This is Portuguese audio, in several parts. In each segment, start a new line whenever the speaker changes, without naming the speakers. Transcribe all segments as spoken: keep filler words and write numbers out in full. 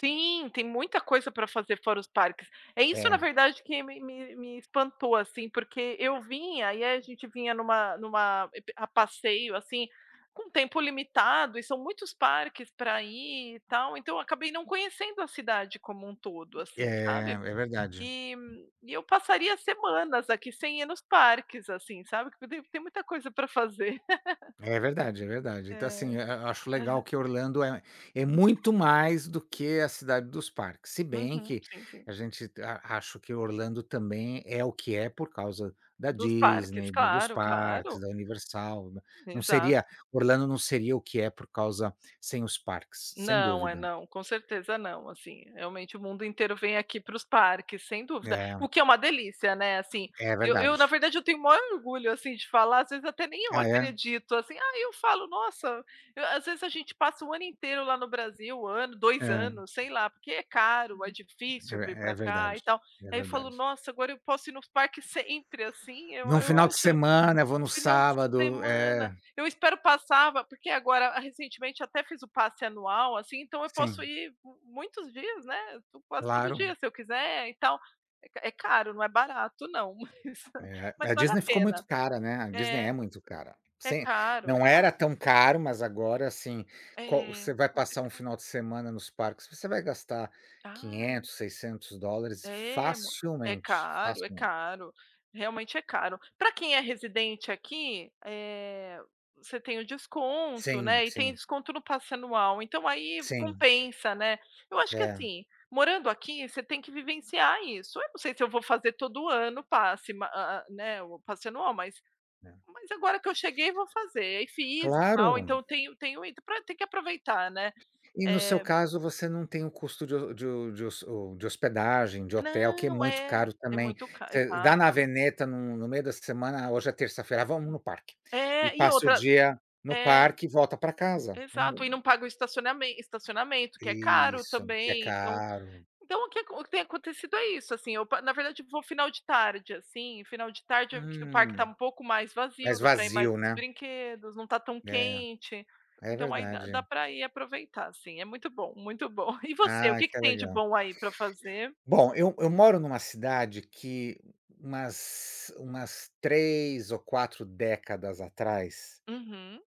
Sim, tem muita coisa pra fazer fora os parques. É isso, na
É.
verdade, que me me me espantou, assim, porque eu vim, aí a gente vinha numa numa ep a passeio, assim, com tempo limitado e são muitos parques pra ir e tal, então eu acabei não conhecendo a cidade como um todo,
É,
assim, sabe.
é verdade.
E e eu passaria semanas aqui sem ir nos parques, assim, sabe, porque tem tem muita coisa pra fazer.
É verdade, é verdade, então
É,
assim, a a acho legal
aham.
que Orlando é é muito mais do que a cidade dos parques, se bem
Uhum,
que
sim, sim.
a gente a acho que Orlando também é o que é por causa da
Dos parques,
Disney, dos
claro, claro.
parques, da Universal, né, não seria
Exato.
Orlando não seria o que é por causa sem os parques, sem
Não, é
dúvida.
não, com certeza não, assim, realmente, o mundo inteiro vem aqui para os parques, sem dúvida,
É.
o que é uma delícia, né, assim,
É
eu eu, na
verdade.
verdade, eu tenho o maior orgulho, assim, de falar, às vezes até nem eu
Ah, é?
acredito, assim, aí eu falo: "Nossa." As vezes a gente passa o ano inteiro lá no Brasil, o ano, dois
É.
anos, sei lá, porque é caro, é difícil vir
É, é
pra cá e
verdade,
tal,
é
aí eu falo:
verdade.
"Nossa, agora eu posso ir nos parques sempre." Assim, eu
Num
eu
final de
acho,
semana, eu vou
no
no
final de
sábado,
semana,
é.
eu espero passar, va porque agora, recentemente, até fiz o passe anual, assim, então eu posso
Sim.
ir muitos dias, né, tu quase todo dia,
Claro.
se eu quiser e tal. É ca é caro, não é barato, não, mas
É,
mas
a
vale a
Disney ficou muito
pena,
cara, né, a Disney é
é.
muito cara.
É
Sem
caro, é
não era
caro.
tão caro, mas agora, assim, qual
É,
você vai
mas é
passar um
caro.
final de semana nos parques, você vai gastar
Ai.
quinhentos seiscentos dólares
É mui é
facilmente,
caro, é
facilmente.
caro, realmente é caro. Pra quem é residente aqui, eh, você tem o desconto,
Sim,
né, e tem
sim.
desconto no passe anual, então aí
Sim.
compensa, né. Eu acho que,
É.
assim, morando aqui, você tem que vivenciar isso, eu não sei se eu vou fazer todo ano o passe, ma hã, né, o passe anual, mas
É.
mas agora que eu cheguei, vou fazer. E fiz e tal,
Claro.
então tenho tenho tem que aproveitar, né,
E no seu
eh.
caso, você não tem o custo de ho de de hos ou, de hospedagem, de hotel, que é
Não,
muito
é,
caro
é
também.
muito ca
Você dá na
exato.
veneta no no meio da semana, ah, hoje é terça-feira, vamos no parque e
É, e
passa o
outra
dia no
é,
parque e volta pra casa, é
exato,
mu
e não pago o estacionamen estacionamento, que é caro
Isso, que é
também, então
caro.
então o que o que tem acontecido é isso, assim, eu pa na verdade, eu vou final de tarde, assim, final de tarde o
Hum,
parque tá um pouco mais
mais
vazio, dá pra ir mais
vazio,
nos
né.
brinquedos, não tá tão
É,
quente,
é
então aí dá dá
verdade.
pra ir aproveitar, assim, é muito bom, muito bom e você, o
Ah,
que que
que
tem de
legal.
bom aí pra fazer?
Bom, eu eu moro numa cidade que umas umas três ou quatro décadas atrás
Uhum.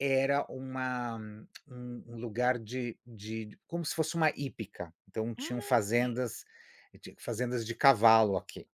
era uma um um lugar de de como se fosse uma hípica, então tinham
Hum.
fazendas tinha fazendas de cavalo aqui.